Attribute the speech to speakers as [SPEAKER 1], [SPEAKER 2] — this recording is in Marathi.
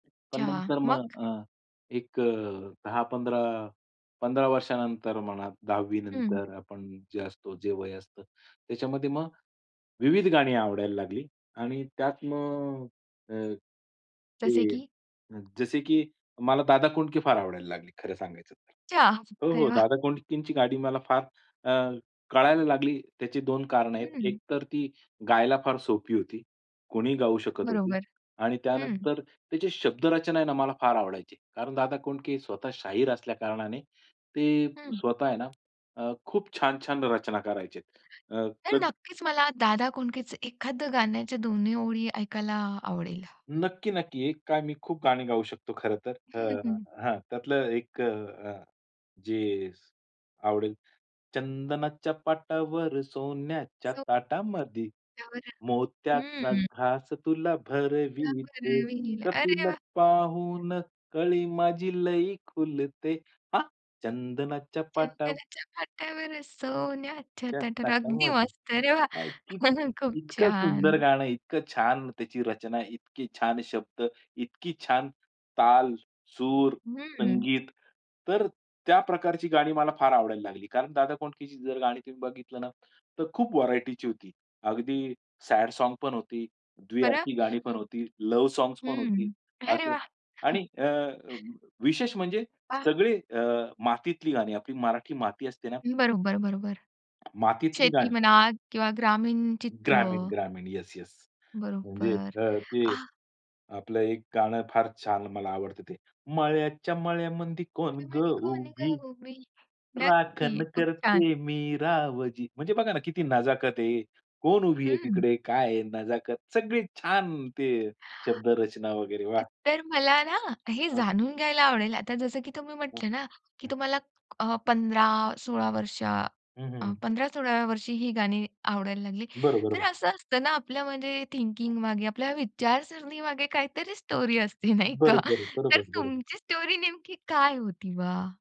[SPEAKER 1] पण
[SPEAKER 2] अच्छा.
[SPEAKER 1] नंतर मग
[SPEAKER 2] मग?
[SPEAKER 1] अ, एक अ, 10-15, 15 वर्षानंतर म्हणा, 10वी
[SPEAKER 2] हं.
[SPEAKER 1] नंतर आपण जे असतो, जे वय असतं, त्याच्यामध्ये मग विविध गाणी आवडायला लागली आणि त्यात मग अ,
[SPEAKER 2] जसे
[SPEAKER 1] ते
[SPEAKER 2] की
[SPEAKER 1] जसे की मला दादा कोंडके फार आवडायला लागले, खरं सांगायचं तर.
[SPEAKER 2] अच्छा,
[SPEAKER 1] हो,
[SPEAKER 2] अरे
[SPEAKER 1] हो,
[SPEAKER 2] वा!
[SPEAKER 1] दादा कोंडकेची गाणी मला फार अ, कळायला लागली, त्याची 2 कारणं आहेत. एक
[SPEAKER 2] हं.
[SPEAKER 1] तर ती गायला फार सोपी होती. कोणीही गाऊ शकत होती
[SPEAKER 2] बरोबर.
[SPEAKER 1] आणि
[SPEAKER 2] हं.
[SPEAKER 1] त्यानंतर त्याची शब्दरचना आहे ना, मला फार आवडायची. कारण दादा कोंडके स्वतः शाहीर असल्या कारणाने ते
[SPEAKER 2] हं.
[SPEAKER 1] स्वतः आहे ना अ, खूप छान-छान रचना करायचे. अ,
[SPEAKER 2] तर
[SPEAKER 1] [unintelligible]
[SPEAKER 2] नक्कीच, मला दादा कोंडकेच एखाद गाण्याच्या दोन्ही ओळी ऐकायला आवडेल.
[SPEAKER 1] नक्की, नक्की. एक काय मी खूप गाणी गाऊ शकतो खरं तर,
[SPEAKER 2] हं,
[SPEAKER 1] अ,
[SPEAKER 2] हं.
[SPEAKER 1] हां, त्यातलं एक अ, हं, जे आवडेल. चंदनाच्या पाटावर सोन्याच्या
[SPEAKER 2] सो
[SPEAKER 1] ताटामधी,
[SPEAKER 2] पाटा वरं
[SPEAKER 1] मोत्याचा
[SPEAKER 2] हं.
[SPEAKER 1] घास तुला
[SPEAKER 2] पाटा
[SPEAKER 1] भरविते.
[SPEAKER 2] वरं
[SPEAKER 1] गं,
[SPEAKER 2] [unintelligible] अरे
[SPEAKER 1] तुला
[SPEAKER 2] वाह!
[SPEAKER 1] पाहून कळी माझी लई खुलते. हां. चंदनाच्या पाटावर
[SPEAKER 2] चंदनाच्या पाटावर, सोन्याच्या
[SPEAKER 1] सोन्याच्या
[SPEAKER 2] तटामध्ये. अगदी
[SPEAKER 1] ताटामधी.
[SPEAKER 2] मस्त, अरे वा!
[SPEAKER 1] काय, की
[SPEAKER 2] खूप
[SPEAKER 1] इतकं सुंदर
[SPEAKER 2] छान.
[SPEAKER 1] गाणं, इतकं छान त्याची रचना, इतके छान शब्द, इतकी छान ताल, सूर,
[SPEAKER 2] हं.
[SPEAKER 1] संगीत. तर त्या प्रकारची गाणी मला फार आवडायला लागली, कारण दादा कोंडकेची जर गाणी तुम्ही बघितलं ना, तर खूप व्हरायटीची होती. अगदी सॅड सॉंग्स पण होती,
[SPEAKER 2] बरं.
[SPEAKER 1] द्विअर्थी गाणी पण होती, लव्ह सॉंग पण होती.
[SPEAKER 2] हं. अरे
[SPEAKER 1] असं.
[SPEAKER 2] वाह!
[SPEAKER 1] आणि अं, विशेष म्हणजे
[SPEAKER 2] हां.
[SPEAKER 1] सगळे अ, मातीतली गाणी, आपली मराठी माती असते ना
[SPEAKER 2] बरोबर, बरोबर.
[SPEAKER 1] मातीतली
[SPEAKER 2] शेती
[SPEAKER 1] गाणी.
[SPEAKER 2] म्हणा किंवा ग्रामीण चित्र.
[SPEAKER 1] ग्रामीण, ग्रामीण. Yes, yes. म्हणजे
[SPEAKER 2] बरोबर.
[SPEAKER 1] अं, ते
[SPEAKER 2] आ.
[SPEAKER 1] आपलं एक गाणं फार छान मला आवडतं ते. मळ्याच्या मळ्यामध्ये कोण ग
[SPEAKER 2] मळ्यामध्ये कोण गं
[SPEAKER 1] उभी?
[SPEAKER 2] उभी? नक्की.
[SPEAKER 1] राखण
[SPEAKER 2] खूप छान.
[SPEAKER 1] करते मी रावजी. म्हणजे बघा ना, किती नजाकत आहे, कोण उभी आहे
[SPEAKER 2] हं.
[SPEAKER 1] तिकडे? काय आहे? नजाकत, सगळी छान ते शब्दरचना वगैरे, वाह!
[SPEAKER 2] अ, तर मला ना हे
[SPEAKER 1] हां.
[SPEAKER 2] जाणून घ्यायला आवडेल, आता जसं की तुम्ही
[SPEAKER 1] हां.
[SPEAKER 2] म्हटलं ना, की
[SPEAKER 1] हं.
[SPEAKER 2] तुम्हाला अ, 15-16 वर्ष अ,
[SPEAKER 1] हं, हं.
[SPEAKER 2] 15-16व्या वर्षी ही गाणी आवडायला लागली. तर
[SPEAKER 1] बरोबर.
[SPEAKER 2] असं असतं ना आपल्या म्हणजे थिंकिंगमागे, आपल्या विचारसरणीमागे काहीतरी स्टोरी असते, नाही का.
[SPEAKER 1] बरोबर.
[SPEAKER 2] तर
[SPEAKER 1] बरोबर, बरोबर.
[SPEAKER 2] तुमची स्टोरी नेमकी काय होती बा?